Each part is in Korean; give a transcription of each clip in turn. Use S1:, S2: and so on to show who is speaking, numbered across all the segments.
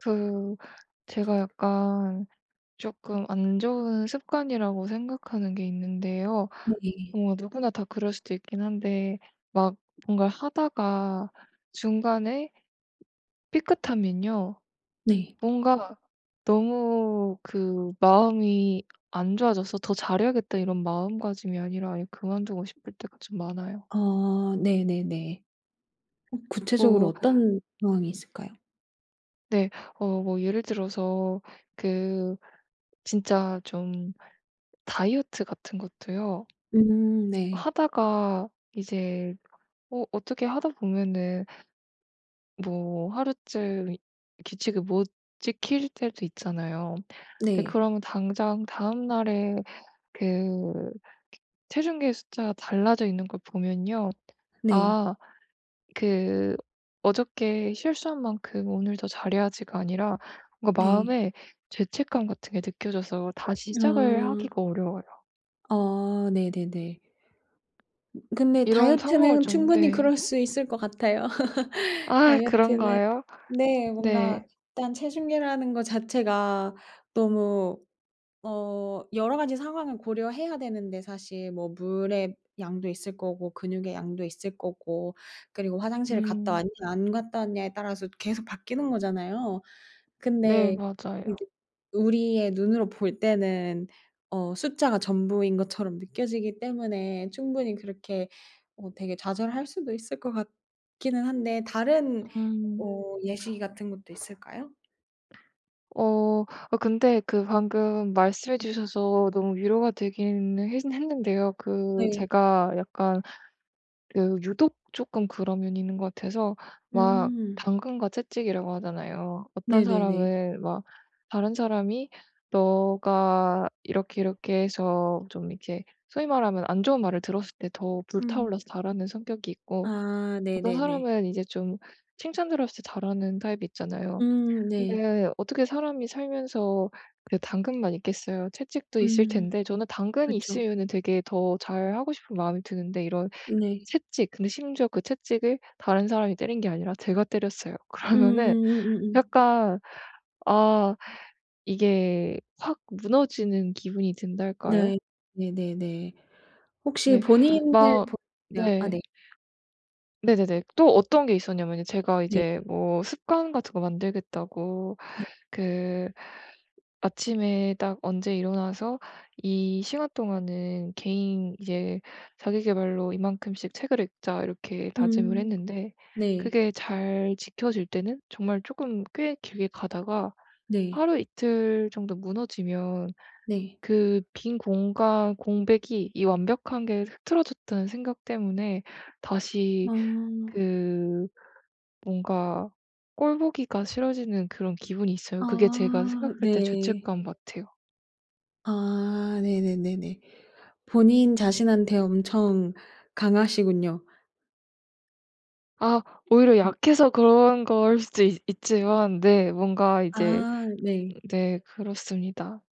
S1: 그 제가 약간 쪼끔 안 좋은 습관이라고 생각하는 게 있는데요.
S2: 네네.
S1: 뭐 누구나 다 그럴 수도 있긴 한데 막 뭔가 하다가 중간에 삐끗하면요.
S2: 네.
S1: 뭔가 너무 그 마음이 안 좋아져서 '더 잘 해야겠다.' 이런 마음가짐이 아니라 아예 그만두고 싶을 때가 좀 많아요.
S2: 어 네네네. 어 구체적으로
S1: 뭐
S2: 어떤 상황이 있을까요?
S1: 네. 어 뭐 예를 들어서 그 진짜 좀 다이어트 같은 것도요.
S2: 음 네.
S1: 하다가 이제 어 어떻게 하다 보면은 뭐 하루쯤 규칙을 못 지킬 때도 있잖아요. 네.
S2: 네.
S1: 그러면 당장 다음날에 그 크 체중계 숫자가 달라져 있는 걸 보면요.
S2: 네.
S1: 아 그 '어저께 실수한 만큼 오늘 더 잘 해야지.'가 아니라 뭔가
S2: 네.
S1: 마음에 죄책감 같은 게 느껴져서 다시 시작을
S2: 아.
S1: 하기가 어려워요.
S2: 어 네네네. 근데
S1: 이런 상황을
S2: 다이어트는
S1: 좀
S2: 충분히
S1: 네.
S2: 그럴 수 있을 것 같아요.
S1: 아
S2: 다이어트는
S1: 그런가요?
S2: 네. 뭔가
S1: 네.
S2: 일단 체중계라는 거 자체가 너무 어 여러 가지 상황을 고려해야 되는데 사실 뭐 물의 양도 있을 거고 근육의 양도 있을 거고 그리고 화장실을 갔다
S1: 음.
S2: 왔냐 안 갔다 왔냐에 따라서 계속 바뀌는 거잖아요.
S1: 네
S2: 근데
S1: 맞아요.
S2: 이제 우리의 눈으로 볼 때는 어 숫자가 전부인 것처럼 느껴지기 때문에 충분히 그렇게 어 되게 좌절할 수도 있을 것 같기는 한데 다른
S1: 음.
S2: 어 예시 같은 것도 있을까요?
S1: 어 아 근데 그 방금 말씀해
S2: 네.
S1: 주셔서 너무 위로가 되기는 했 했는데요 그
S2: 네.
S1: 제가 약간 그 유독 쪼끔 그런 면이 있는 것 같아서 막
S2: 음.
S1: 당근과 채찍이라고 하잖아요. 어떤
S2: 네네네.
S1: 사람은 막 다른 사람이 네가 이렇게 이렇게 해서 좀 이렇게 소위 말하면 안 좋은 말을 들었을 때 더 불타
S2: 음.
S1: 올라서 잘하는 성격이 있고
S2: 아
S1: 어떤
S2: 네네네.
S1: 사람은 이제 좀 칭찬 들었을 때 잘하는 타입이 있잖아요.
S2: 음 네.
S1: 근데 어떻게 사람이 살면서 그래 당근만 있겠어요 채찍도 있을
S2: 음.
S1: 텐데 저는 당근이
S2: 그쵸.
S1: 있으면은 되게 더 잘하고 싶은 마음이 드는데 이런
S2: 네.
S1: 채찍, 근데 심지어 그 채찍을 다른 사람이 때린 게 아니라 제가 때렸어요. 그러면은
S2: 음음음 음음음.
S1: 약간 아 이게 확 무너지는 기분이 든달까요?
S2: 네. 네네네. 혹시
S1: 네.
S2: 본인 을
S1: 막
S2: 보 야 아
S1: 네.
S2: 네.
S1: 네네네. 또 어떤 게 있었냐면은 제가
S2: 네.
S1: 이제 뭐 습관 같은 거 만들겠다고
S2: 네.
S1: 그 아침에 딱 언제 일어나서 이 시간 동안은 개인 이제 '자기계발로 이만큼씩 책을 읽자.' 이렇게 다짐을
S2: 음.
S1: 했는데
S2: 네.
S1: 그게 잘 지켜질 때는 정말 쪼끔 꽤 길게 가다가
S2: 네.
S1: 하루 이틀 정도 무너지면
S2: 네.
S1: 그 빈 공간 공백이 이 완벽한 게 흐트러졌다는 생각 때문에 다시
S2: 아.
S1: 그 뭔가 꼴 보기가 싫어지는 그런 기분이 있어요. 그게 제가
S2: 아
S1: 생각할 때
S2: 네.
S1: 죄책감 같아요.
S2: 아 네네네네. 본인 자신한테 엄청 강하시군요.
S1: 아 오히려
S2: 음.
S1: 약해서 그런 거일 수도 있 있지만 네 뭔가 이제
S2: 아 네.
S1: 네. 그렇습니다.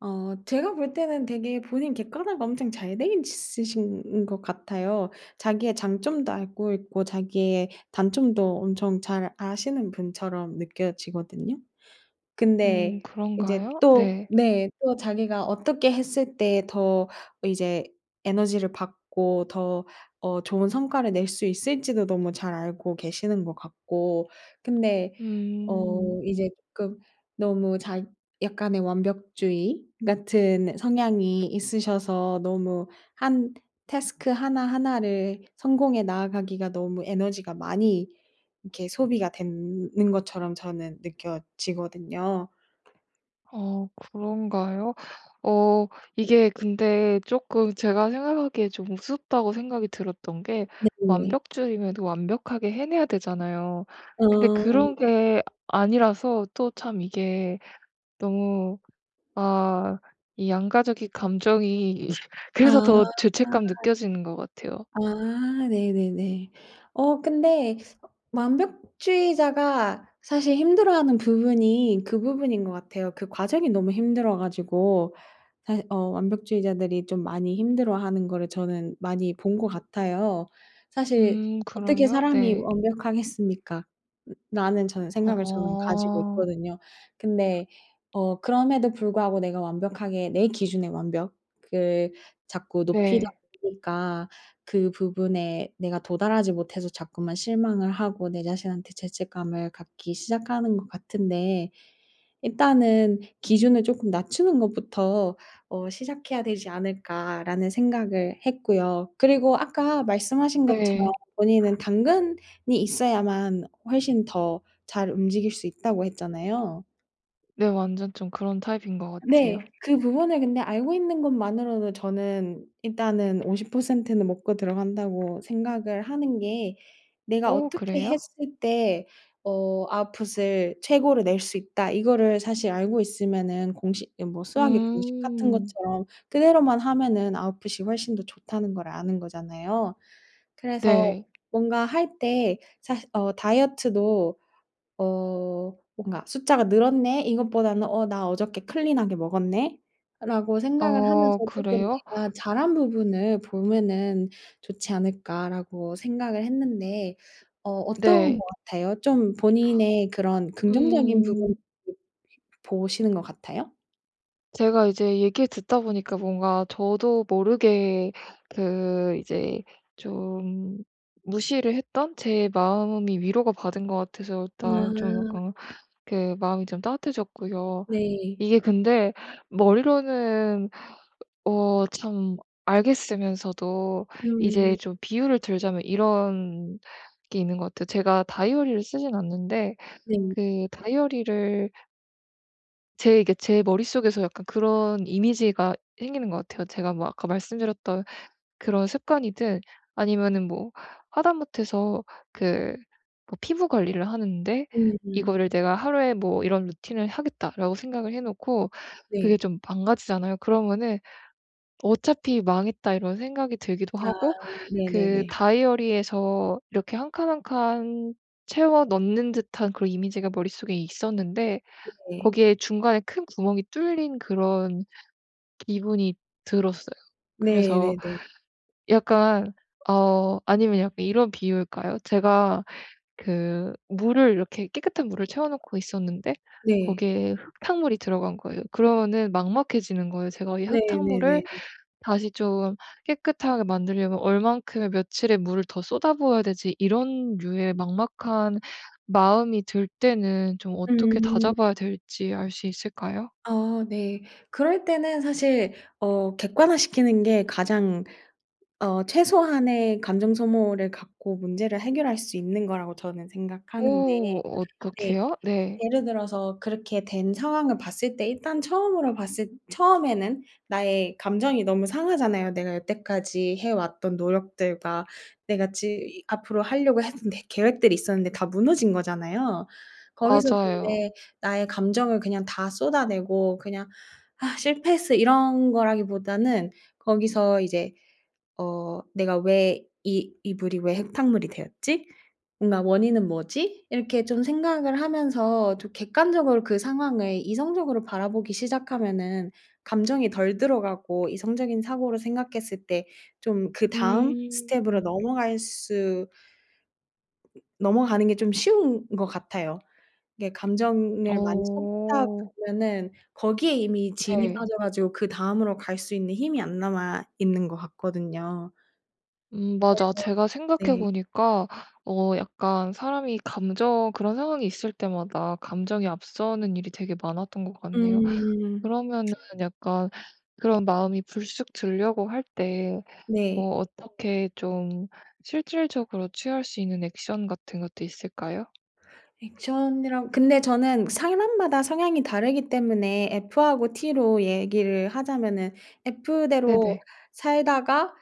S2: 어 제가 볼 때는 되게 본인 객관화가 엄청 잘 돼 있으신 것 같아요. 자기의 장점도 알고 있고 자기의 단점도 엄청 잘 아시는 분처럼 느껴지거든요.
S1: 음
S2: 근데 이제
S1: 그런가요?
S2: 또
S1: 네.
S2: 네 또 자기가 어떻게 했을 때 더 이제 에너지를 받고 더 어 좋은 성과를 낼 수 있을지도 너무 잘 알고 계시는 것 같고 근데 어
S1: 음.
S2: 이제 쪼끔 너무 자 약간의 완벽주의 같은 성향이 있으셔서 너무 1 태스크 하나하나를 성공해 나아가기가 너무 에너지가 많이 이렇게 소비가 된 는 것처럼 저는 느껴지거든요.
S1: 어 그런가요? 어 이게 근데 쪼끔 제가 생각하기에 좀 우습다고 생각이 들었던 게
S2: 네네네.
S1: 완벽주의면 완벽하게 해내야 되잖아요.
S2: 아.
S1: 근데 그런 게 아니라서 또 참 이게 너무 아 이 양가적인 감정이 그래서
S2: 아.
S1: 더 죄책감 느껴지는 것 같아요.
S2: 아 네네네. 어 근데 완벽주의자가 사실 힘들어하는 부분이 그 부분인 것 같아요. 그 과정이 너무 힘들어 가지고 사시 어 완벽주의자들이 좀 많이 힘들어하는 거를 저는 많이 본 것 같아요. '사실
S1: 음
S2: 어떻게
S1: 그래요?
S2: 사람이
S1: 네.
S2: 완벽하겠습니까?'라는 저는 생각을 저는 가지고
S1: 어.
S2: 있거든요. 근데 어 그럼에도 불구하고 내가 완벽하게 내 기준에 완벽을 자꾸 높이다
S1: 네.
S2: 보니까 그 부분에 내가 도달하지 못해서 자꾸만 실망을 하고 내 자신한테 죄책감을 갖기 시작하는 것 같은데 일단은 '기준을 쪼끔 낮추는 것부터 어 시작해야 되지 않을까?'라는 생각을 했고요. 그리고 아까 말씀하신 것처럼
S1: 네.
S2: 본인은 당근이 있어야만 훨씬 더 잘 움직일 수 있다고 했잖아요.
S1: 네. 완전 좀 그런 타입인 것
S2: 네
S1: 같아요.
S2: 그 부분을 근데 알고 있는 것만으로도 저는 일단은 50% 는 먹고 들어간다고 생각을 하는 게 '내가
S1: 오
S2: 어떻게
S1: 그래요?
S2: 했을 때 어 아웃풋을 최고로 낼 수 있다.' 이거를 사실 알고 있으면은 공식 이 뭐 수학의 공식 같은
S1: 음.
S2: 것처럼 그대로만 하면은 아웃풋이 훨씬 더 좋다는 걸 아는 거잖아요. 그래서
S1: 네.
S2: 뭔가 할 때 사실 어 다이어트도 어 뭔가 '숫자가 늘었네.' 이것보다는 '어 나 어저께 클린 하게 먹었네.'라고 생각을 하면서
S1: 어
S2: 쪼끔
S1: 그래요?
S2: '내가 잘 한 부분을 보면은 좋지 않을까.'라고 생각을 했는데 어 어떤
S1: 네.
S2: 것 같아요? 좀 본인의 그런 긍정적인 부분을
S1: 음.
S2: 보시는 것 같아요?
S1: 제가 이제 얘기를 듣다 보니까 뭔가 저도 모르게 그 이제 좀 무시를 했던 제 마음이 위로가 받은 것 같아서 일단 좀
S2: 아.
S1: 약간 그 마음이 좀 따뜻해졌고요.
S2: 네.
S1: 이게 근데 머리로는 으 어 참 알겠으면서도 이제
S2: 음.
S1: 좀 비유를 들자면 이런 게 있는 것 같아요. 제가 다이어리를 쓰진 않는데
S2: 네.
S1: 그 다이어리를 제 이게 제 머릿속에서 약간 그런 이미지가 생기는 것 같아요. 제가 뭐 아까 말씀드렸던 그런 습관이든 아니면은 뭐 하다못해서 그 피부 관리를 하는데
S2: 네네.
S1: 이거를 내가 '하루에 뭐 이런 루틴을 하겠다.'라고 생각을 해 놓고 그게
S2: 네.
S1: 좀 망가지잖아요. 그러면은 '어차피 망했다.' 이런 생각이 들기도
S2: 아
S1: 하고 그
S2: 네네네.
S1: 다이어리에서 이렇게 1 칸, 1 칸 채워 넣는 듯한 그런 이미지가 머릿속에 있었는데
S2: 네.
S1: 거기에 중간에 큰 구멍이 뚫린 그런 기분이 들었어요. 그래서
S2: 네네네.
S1: 약간 어 아니면 약간 이런 비유일까요? 제가 그 물을 이렇게 깨끗한 물을 채워 놓고 있었는데
S2: 네.
S1: 거기에 흙탕물이 들어간 거예요. 그러면은 막막해지는 거예요. 제가 '이
S2: 네네네네.
S1: 흙탕물을 다시 좀 깨끗하게 만들려면 얼마만큼의 며칠의 물을 더 쏟아부어야 되지?' 이런 류의 막막한 마음이 들 때는 좀 어떻게
S2: 음.
S1: 다잡아야 될지 알 수 있을까요?
S2: 아 네. 그럴 때는 사실 어 객관화 시키는 게 가장 어 최소한의 감정 소모를 갖고 문제를 해결할 수 있는 거라고 저는 생각하는데
S1: 어
S2: 네.
S1: 어떻게요? 네.
S2: 예를 들어서 그렇게 된 상황을 봤을 때 일단 처음으로 봤을 처음에는 나의 감정이 너무 상하잖아요. 내가 여태까지 해 왔던 노력들과 내가 즈이 앞으로 하려고 했던 내 계획들이 있었는데 다 무너진 거잖아요. 거기서
S1: 맞아요.
S2: 근데 나의 감정을 그냥 다 쏟아내고 그냥 "실패했어." 이런 거라기보다는 거기서 이제 어 내가 왜 '이 이 물이 왜 흙탕물이 되었지? 뭔가 원인은 뭐지?' 이렇게 좀 생각을 하면서 좀 객관적으로 그 상황을 이성적으로 바라보기 시작하면은 감정이 덜 들어가고 이성적인 사고를 생각했을 때 좀 그 다음 스텝으로
S1: 음.
S2: 넘어갈 수 넘어가는 게 좀 쉬운 것 같아요. 이게 감정을 많이 쏟다
S1: 어.
S2: 보면은 거기에 이미 진이
S1: 네.
S2: 빠져 가지고 그 다음으로 갈 수 있는 힘이 안 남아 있는 것 같거든요.
S1: 음 맞아.
S2: 그래서
S1: 제가 생각해
S2: 네.
S1: 보니까 어 약간 사람이 감정 그런 상황이 있을 때마다 감정이 앞서는 일이 되게 많았던 것 같네요.
S2: 음.
S1: 그러면은 약간 그런 마음이 불쑥 들려고 할 때
S2: 네.
S1: 뭐 어떻게 좀 실질적으로 취할 수 있는 액션 같은 것도 있을까요?
S2: 액션이라 근데 저는 사람마다 성향이 다르기 때문에 F하고 T로 얘기를 하자면은 F대로
S1: 네네.
S2: 살다가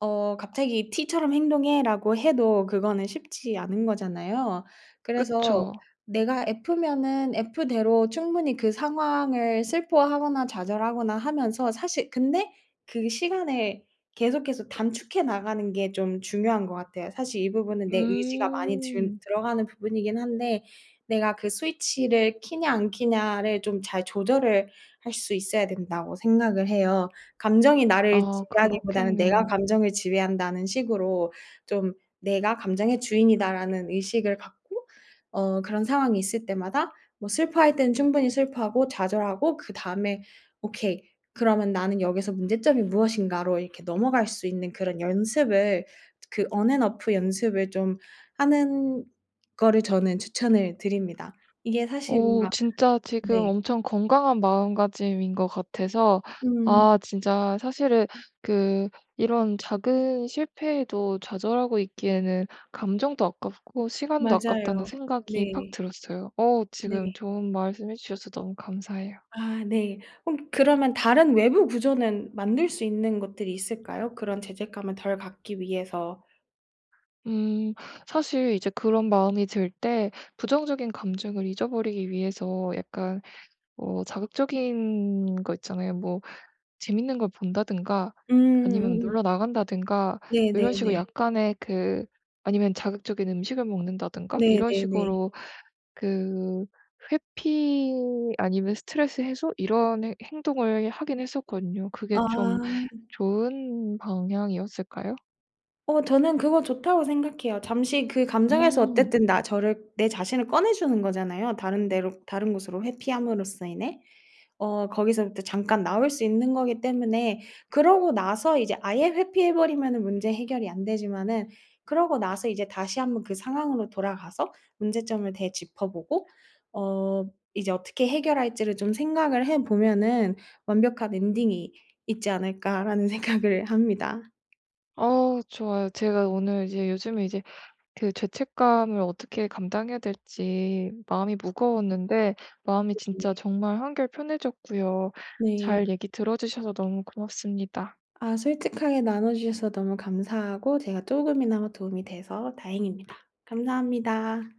S2: 어 갑자기 "T처럼 행동해."라고 해도 그거는 쉽지 않은 거잖아요. 그래서
S1: 그쵸.
S2: 내가 F면은 F대로 충분히 그 상황을 슬퍼하거나 좌절하거나 하면서 사실 근데 그 시간을 계속해서 단축해 나가는 게 좀 중요한 것 같아요. 사실 이 부분은 내 의지가 많이 든
S1: 음.
S2: 들어가는 부분이긴 한데 내가 그 스위치를 켜냐 안 켜냐를 좀 잘 조절을 할 수 있어야 된다고 생각을 해요. 감정이 나를
S1: 아
S2: 지배하기보다는 내가
S1: 그렇겠네요.
S2: 감정을 지배한다는 식으로 좀 '내가 감정의 주인이다.'라는 의식을 갖고 어 그런 상황이 있을 때마다 뭐 슬퍼할 때는 충분히 슬퍼하고 좌절하고 그다음에 '오케이 그러면 나는 여기서 문제점이 무엇인가?'로 이렇게 넘어갈 수 있는 그런 연습을 그 on and off 연습을 좀 하는 거를 저는 추천을 드립니다. 이게 사실
S1: 어
S2: 뭔가
S1: 진짜 지금
S2: 네.
S1: 엄청 건강한 마음가짐인 것 같아서
S2: 음.
S1: 아 진짜 사실은 그 이런 작은 실패에도 좌절하고 있기에는 감정도 아깝고 시간도 아깝다는
S2: 맞아요.
S1: 생각이 팍
S2: 네.
S1: 들었어요. 어 지금
S2: 네.
S1: 좋은 말씀 해 주셔서 너무 감사해요.
S2: 아 네. 홈 그러면 다른 외부 구조는 만들 수 있는 것들이 있을까요? 그런 죄책감을 덜 갖기 위해서.
S1: 음. 사실 이제 그런 마음이 들 때 부정적인 감정을 잊어 버리기 위해서 약간 어 자극적인 거 있잖아요. 뭐 재밌는 걸 본다든가 아니면
S2: 음.
S1: 놀러 나간다든가 이런 식으로
S2: 네네네.
S1: 약간의 그 아니면 자극적인 음식을 먹는다든가 이런
S2: 네네네.
S1: 식으로 그 회피 아니면 스트레스 해소 이런 해 행동을 하긴 했었거든요. 그게
S2: 아.
S1: 좀 좋은 방향이었을까요?
S2: 어 저는 그거 좋다고 생각해요. 잠시 그 감정에서
S1: 음.
S2: 어쨌든 나 저를 내 자신을 꺼내 주는 거잖아요 다른 데로 다른 곳으로 회피함으로써 인해. 어 거기서부터 잠깐 나올 수 있는 거기 때문에 그러고 나서 이제 아예 회피해 버리면은 문제 해결이 안 되지만은 그러고 나서 이제 다시 한번 그 상황으로 돌아가서 문제점을 되짚어 보고 어 이제 어떻게 해결할지를 좀 생각을 해 보면은 '완벽한 엔딩이 있지 않을까.'라는 생각을 합니다.
S1: 어 좋아요. 제가 오늘 이제 요즘에 이제 그 죄책감을 어떻게 감당해야 될지 마음이 무거웠는데 마음이
S2: 예예.
S1: 진짜 정말 한결 편해졌고요.
S2: 네.
S1: 잘 얘기 들어 주셔서 너무 고맙습니다.
S2: 아 솔직하게 나눠 주셔서 너무 감사하고 제가 쪼금이나마 도움이 돼서 다행입니다. 감사합니다.